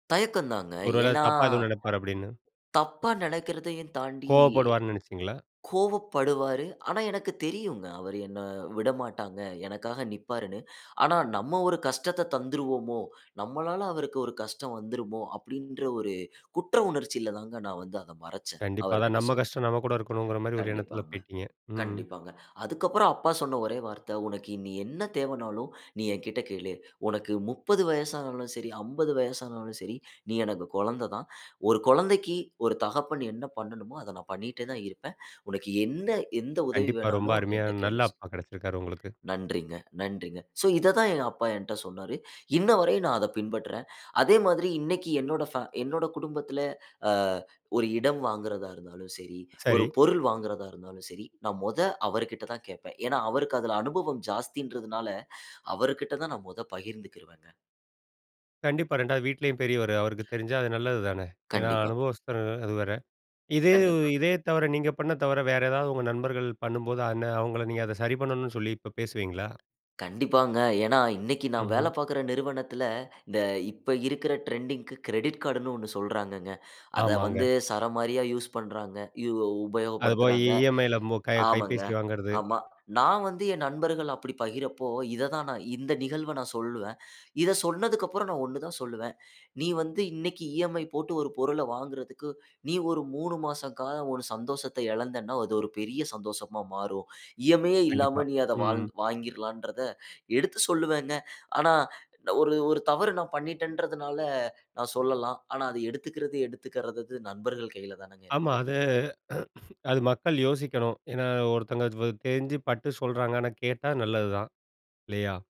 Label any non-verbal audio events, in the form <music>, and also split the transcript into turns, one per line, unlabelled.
தயக்கம் தாங்க.
ஒருவேள
ஏன்னா?
தப்பா எதுவும் நெனப்பாரு! அப்பிடின்னு.
தப்பா நினைக்கிறதையும் தாண்டி
கோவப்படுவார்ன்னு நெனச்சீங்களா?
கோவப்படுவாரு. ஆனா எனக்கு தெரியுங்க. அவரு என்ன விடமாட்டாங்க. எனக்காக நிற்பாருன்னு. ஆனா நம்ம ஒரு கஷ்டத்த தந்துருவோமோ! நம்மளால அவருக்கு ஒரு கஷ்டம் வந்துருமோ! அப்பிடின்ற ஒரு குற்ற உணர்ச்சில தான் நான் வந்து அதை மறச்சேன்.
கண்டிப்பா, அதான்
அவர்கிட்ட
நம்ம
சொல்ல.
கஷ்டம் நம்மகூட இருக்கணும்ங்கிறமாரி ஒரு எண்ணத்துல
கண்டிப்பாங்க.
போயிட்டீங்க. ம், ம்.
கண்டிப்பாங்க. அதுக்கு அப்பறம் அப்பா சொன்ன ஒரே வார்த்தை "உனக்கு என்ன தேவனாலும் நீ என்கிட்ட கேளு! உனக்கு 30 வயசுனாலும் சரி 50 வயசுனாலும் சரி, நீ எனக்கு குழந்தை தான். ஒரு குழந்தைக்கு ஒரு தகப்பன் என்ன பண்ணனுமோ! அத நான் பண்ணிட்டே தான் இருப்பேன். உனக்கு என்ன எந்த உதவி
கண்டிப்பா. ரொம்ப
வேணாலும்
அருமையா,
என்கிட்ட கேளு
நல்ல
<unintelligible>
அப்பா கிடைச்சிருக்காரு உங்களுக்கு.
நன்றிங்க. நன்றிங்க. சோ, இத தான் எங்க அப்பா என்கிட்ட சொன்னாரு. இன்னவரையும் நான் அத பின்பற்றேன். அதேமாதிரி இன்னக்கி என்னோட ஃபே என்னோட குடும்பத்துல அ ஒரு இடம் வாங்குறதா இருந்தாலும் சரி,
சரி.
ஒரு பொருள் வாங்குறதா இருந்தாலும் சரி, நான் மொத அவர்கிட்ட தான் கேட்பேன். ஏன்னா, அவருக்கு அதுல அனுபவம் ஜாஸ்தின்றதுனால அவர்கிட்ட தான் நான் மொதல்ல பகிர்ந்துக்கிருவேங்க.
கண்டிப்பா, 2 வது வீட்லயும் பெரியவரு அவருக்கு தெரிஞ்சா அது நல்லது தானே! ஏன்னா,
கண்டிப்பா.
அனுபவஸ்தர் <unintelligible> அது வேற. இதே இது
கண்டிப்பா.
இதே தவற, நீங்க பண்ண தவற வேற ஏதாவது உங்க நண்பர்கள் பண்ணும்போது அந்த அவுங்கள நீங்க அத சரி பண்ணணுன்னு சொல்லி இப்ப பேசுவீங்களா?
கண்டிப்பாங்க. ஏன்னா இன்னக்கி நான் வேலை
ம்ஹ்ம்
பாக்கற நிறுவனத்தில இந்த இப்ப இருக்கற ட்ரெண்டிங்க்கு கிரெடிட் கார்ட்டு ன்னு ஒன்னு சொல்றாங்கங்க. அத
ஆமாங்க.
வந்து சரமாரியா யூஸ் பண்றாங்க. இ ஒ
அது போய் இ
உபயோகப்படுத்துறாங்க.
இ.எம்.ஐ.யில க கை
ஆமாங்க.
கைபேசி வாங்குறது.
ஆமா. நான் வந்து என் நண்பர்கள் அப்பிடி பகிரப்ப, இத தான் நான் இந்த நிகழ்வ நான் சொல்லுவேன். இத சொன்னதற்கப்பறம் நான் ஒன்னு தான் சொல்லுவேன். நீ வந்து இன்னக்கி இ.எம்.ஐ போட்டு ஒரு பொருள வாங்குறதுக்கு நீ ஒரு 3 மாச காலம் உன் சந்தோஷத்த இழந்தன்னா, அது ஒரு பெரிய சந்தோஷமா மாறும். இ.எம்.ஐ யே
கண்டிப்பா.
இல்லாம நீ வாழ் அதை
ம்.
வாங்கிற் வாங்கிர்லான்றத எடுத்து சொல்லுவேங்க. ஆனா, ஒரு, ஒரு தவறு நான் பண்ணிட்டேன்றதுனால நான் சொல்லலாம். ஆனா, அத எடுத்துக்கிறது எடுத்துக்கிறாதது நண்பர்கள் கையில தானேங்க
ஆமா.
இருக்கு.
அது <clears throat> அது மக்கள் யோசிக்கணும். ஏன்னா ஒருத்தவங்க <unintelligible> தெரிஞ்சு பட்டு சொல்றாங்க. ஆனா கேட்டா நல்லதுதான் இல்லயா!